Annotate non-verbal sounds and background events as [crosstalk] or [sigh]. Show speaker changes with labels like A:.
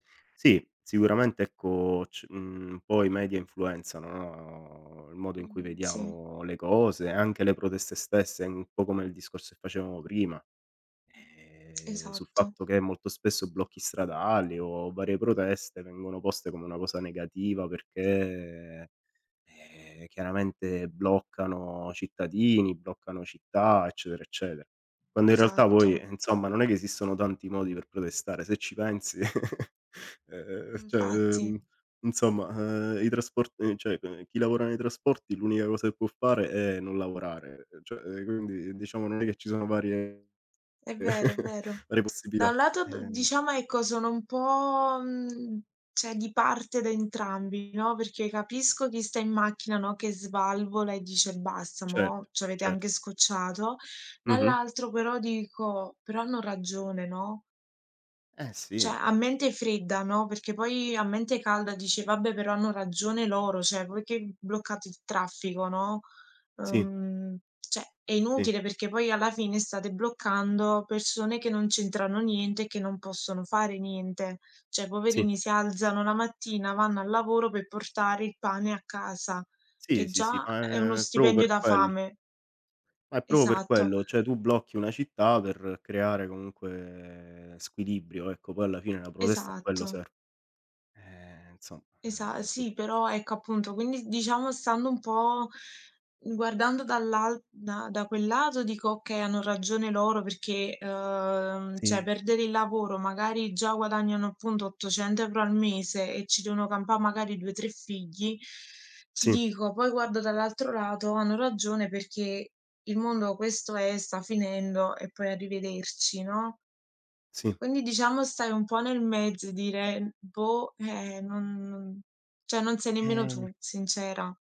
A: Sì, sicuramente ecco c mhmm, un po' i media influenzano, no, il modo in cui
B: Mh sì.
A: vediamo le cose, anche le proteste stesse, un po' come il discorso che facevamo prima. Ehm, sul
B: Esatto.
A: fatto che molto spesso blocchi stradali o varie proteste vengono poste come una cosa negativa, perché, eh, chiaramente bloccano cittadini, bloccano città, eccetera, eccetera. Quando in realtà poi
B: Esatto.
A: insomma, non è che esistono tanti modi per protestare, se ci pensi. [laughs] E ehm, cioè,
B: Infatti.
A: ehm insomma, ehm, i trasporti cioè chi lavora nei trasporti l'unica cosa che può fare è non lavorare, cioè quindi diciamo non è che ci sono varie-
B: È vero, è
A: [chuckles]
B: vero.
A: varie
B: Da un
A: possibilità,
B: lato d
A: ehm
B: diciamo, ecco, sono un po', mhmm, cioè, di parte da entrambi, no, perché capisco chi sta in macchina, no, che svalvola e dice: “Basta, mo'
A: Certo,
B: ci avete
A: certo.
B: anche scocciato.”
A: Mh-mh.
B: Dall'altro però dico: “Però hanno ragione,” no?
A: Eh
B: Cioè,
A: sì.
B: a mente fredda, no, perché poi a mente calda dici: “Vabbè, però hanno ragione loro, cioè voi che bloccate il traffico,” no,
A: Sì.
B: uhm, cioè, è
A: Sì.
B: inutile perché poi alla fine state bloccando persone che non c'entrano niente e che non possono fare niente. Cioè,
A: Sì.
B: poverini, si alzano la mattina, vanno al lavoro per portare il pane a casa,
A: Sì,
B: che
A: sì, sì,
B: già è uno
A: ma è proprio
B: stipendio
A: per
B: da
A: quello.
B: fame
A: Ma è proprio per
B: Esatto.
A: quello, cioè tu blocchi una città per creare comunque squilibrio, ecco poi alla fine la protesta a quello
B: Esatto.
A: serve. Eh, insomma
B: Esa
A: eh, c
B: sì, però ecco, appunto, quindi diciamo stando un po' guardando dall'al da da quel lato, dico: “Okay, hanno ragione loro,” perché, uhm, cioè,
A: Sì.
B: perdere il lavoro, magari già guadagnano appunto 800 euro al mese e ci devono campare magari 2, 3 figli. Ti
A: Sì.
B: dico, poi guardo dall'altro lato, hanno ragione, perché il mondo questo è, sta finendo e poi arrivederci, no?
A: Sì.
B: Quindi diciamo, stai un po' nel mezzo e dire: "Boh", eh, non non cioè non sei nemmeno
A: Eh
B: tu, sincera.